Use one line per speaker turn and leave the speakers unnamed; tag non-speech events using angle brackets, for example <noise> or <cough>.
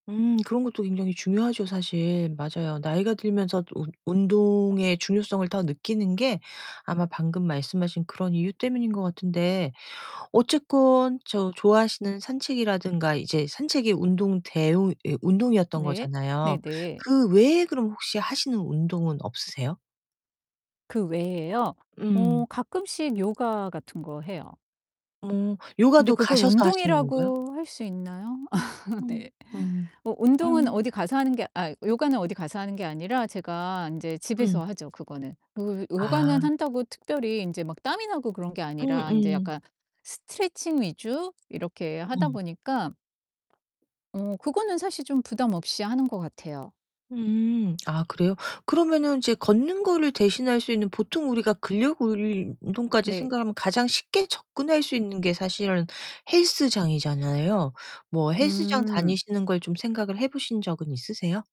음 그런 것도 굉장히 중요하죠, 사실. 맞아요. 나이가 들면서 운 운동의 중요성을 더 느끼는 게 아마 방금 말씀하신 그런 이유 때문인 것 같은데 어쨌건 저 좋아하시는 산책이라든가 이제 산책이 운동 대우 예 운동이었던
네.
거잖아요.
네네.
그 외에 그럼 혹시 하시는 운동은 없으세요?
그 외에요?
음.
어 가끔씩 요가 같은 거 해요.
음
근데
요가도
그걸
가셔서 하시는 건가요?
운동이라고 할 수 있나요? <laughs>
음.
네.
음.
어 운동은
음.
어디 가서 하는 게 아 요가는 어디 가서 하는 게 아니라 제가 인제
음.
집에서 하죠, 그거는. 그리고 요가는
아.
한다고 특별히 인제 막 땀이 나고 그런 게
음
아니라 인제
음.
약간 스트레칭 위주 이렇게 하다
음.
보니까 어 그거는 사실 좀 부담 없이 하는 것 같아요.
음. 아 그래요? 그러면은 이제 걷는 거를 대신할 수 있는 보통 우리가 근력운동까지
네.
생각하면 가장 쉽게 접근할 수 있는 게 사실은 헬스장이잖아요. 뭐 헬스장
음.
다니시는 걸 좀 생각을 해보신 적은 있으세요?